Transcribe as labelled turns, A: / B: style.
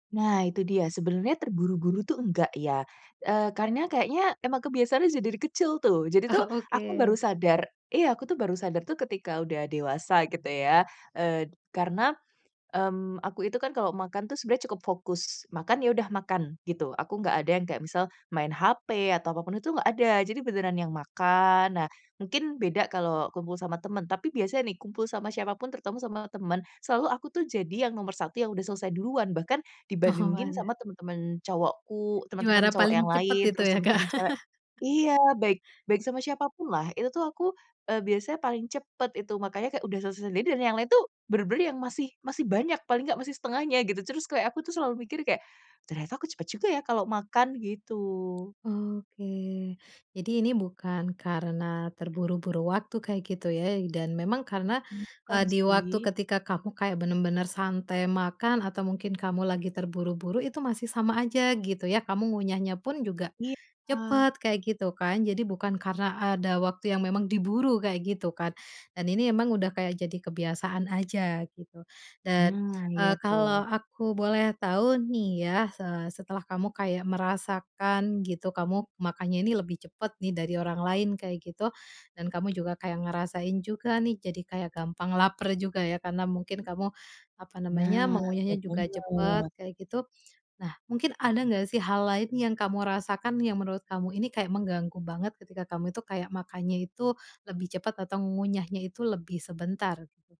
A: Nah, itu dia. Sebenarnya terburu-buru tuh enggak, ya. Eee, karena kayaknya, emang kebiasaan aja dari kecil tuh. Jadi tuh,
B: Ah,
A: aku baru
B: oke.
A: sadar iya, aku tuh baru sadar tuh, ketika udah dewasa, gitu ya. Eee, karena, mmm, aku itu kan, kalau makan tuh, sebenarnya cukup fokus. Makan, ya udah makan, gitu. Aku nggak ada yang kayak misal, main HP atau apapun itu, nggak ada. Jadi beneran yang makan. Nah, mungkin beda kalau kumpul sama temen. Tapi biasanya nih, kumpul sama siapapun, terutama sama temen. Selalu aku tuh, jadi yang nomor satu, yang udah selesai duluan. Bahkan
B: Oh,
A: dibandingin
B: waduh.
A: sama teman-teman cowokku,
B: Juara
A: teman-teman cowok
B: paling
A: yang
B: cepet
A: lain,
B: itu
A: terus
B: ya, Kak?
A: teman-teman cewek iya. Baik baik sama siapapun lah. Itu tuh aku, eee, biasanya paling cepet, itu. Makannya kayak udah selesai sendiri. Dan yang lain tuh, bener-bener yang masih masih banyak. Paling enggak masih setengahnya, gitu. Terus, kayak aku tuh selalu mikir, kayak, "Ternyata aku cepet juga, ya, kalau makan," gitu.
B: Oh, oke. Jadi ini bukan karena terburu-buru waktu kayak gitu, ya. Dan memang karena,
A: Bukan,
B: eee, di waktu
A: sih.
B: ketika kamu kayak bener-bener santai makan, atau mungkin kamu lagi terburu-buru. Itu masih sama aja, gitu, ya. Kamu ngunyahnya pun juga
A: Iya.
B: cepet kayak gitu, kan. Jadi bukan karena ada waktu yang memang diburu, kayak gitu, kan. Dan ini emang udah kayak jadi kebiasaan aja, gitu. Dan,
A: Nah, iya
B: eee,
A: tuh.
B: kalau aku boleh tahu nih, ya. Eee, setelah kamu kayak merasakan, gitu, kamu makanya ini lebih cepet nih, dari orang lain kayak gitu. Dan kamu juga kayak ngerasain juga nih, jadi kayak gampang laper juga, ya, karena mungkin kamu, apa namanya,
A: Nah. Ya,
B: mengunyahnya juga cepet,
A: bener.
B: kayak gitu. Nah, mungkin ada nggak sih, hal lain yang kamu rasakan, yang menurut kamu ini kayak mengganggu banget ketika kamu itu kayak makannya itu, lebih cepat atau mengunyahnya itu lebih sebentar?